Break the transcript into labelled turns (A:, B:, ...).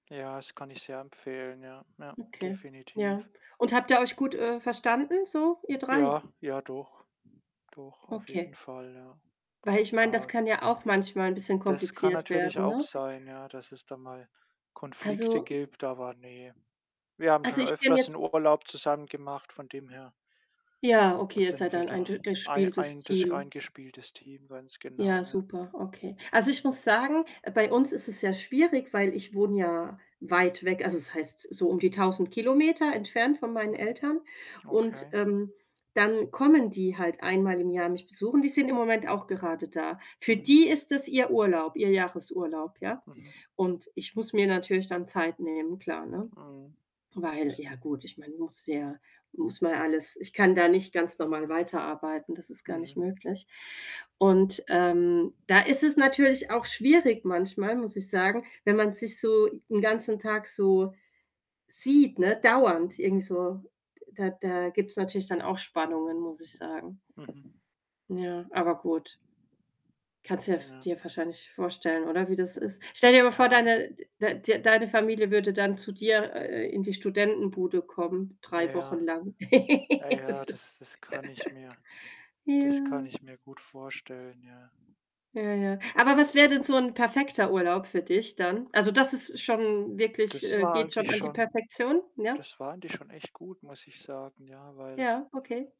A: Ja, das kann ich sehr empfehlen, ja. Ja,
B: Okay, ja.
A: definitiv.
B: Und habt ihr euch gut, äh, verstanden so, ihr
A: Ja,
B: 3?
A: ja, doch. Doch, auf jeden
B: Okay.
A: Fall, ja.
B: Weil ich meine, das
A: Ja
B: kann ja auch manchmal 'n bisschen
A: Das kann
B: kompliziert
A: natürlich
B: werden,
A: auch
B: ne?
A: sein, ja, dass es da mal Konflikte
B: Also
A: gibt, aber ne. Wir haben
B: also,
A: schon
B: ich kenne
A: öfters 'n
B: jetzt
A: Urlaub zusammen gemacht, von dem her
B: Ja, okay, ihr seid
A: sind wir
B: dann ein
A: da
B: dur
A: ein
B: durchgespieltes
A: eintes
B: Team.
A: eingespieltes Team, ganz
B: Ja,
A: genau, ja.
B: super, okay. Also, ich muss sagen, bei uns ist es sehr schwierig, weil ich wohne ja weit weg, also, es heißt so um die 1.000 Kilometer entfernt von meinen
A: Mhm.
B: Eltern. Und,
A: Okay.
B: ähm, dann kommen die halt einmal im Jahr mich besuchen. Die sind im Moment auch gerade da. Für
A: Mhm.
B: die ist das ihr Urlaub, ihr Jahresurlaub, ja?
A: Mhm.
B: Und ich muss mir natürlich dann Zeit nehmen, klar, ne?
A: Mhm.
B: Weil
A: Es
B: ja gut, ich meine, muss ja muss mal alles ich kann da nicht ganz normal weiterarbeiten, das ist gar nicht
A: Mhm.
B: möglich. Und, ähm, da ist es natürlich auch schwierig manchmal, muss ich sagen, wenn man sich so 'n ganzen Tag so sieht, ne, dauernd irgendwie so, da da gibt's natürlich dann auch Spannungen, muss ich sagen.
A: Mhm.
B: Ja, aber gut. Kannst du dir
A: Ja.
B: ja dir wahrscheinlich vorstellen, oder, wie das ist? Stell dir aber vor,
A: Ja.
B: deine d d deine Familie würde dann zu dir, äh, in die Studentenbude kommen,
A: Ah,
B: 3 Wochen
A: ja.
B: lang.
A: Ah, ja,
B: Das ist
A: das das kann ich mir das kann
B: Ja.
A: ich mir gut vorstellen, ja.
B: Ja, ja. Aber was wäre denn so 'n perfekter Urlaub für dich dann? Also, das ist schon wirklich,
A: Das
B: äh
A: war
B: geht schon
A: eigentlich
B: an die
A: schon
B: Perfektion, ja?
A: das war eigentlich schon echt gut, muss ich sagen, ja, weil
B: Ja, okay.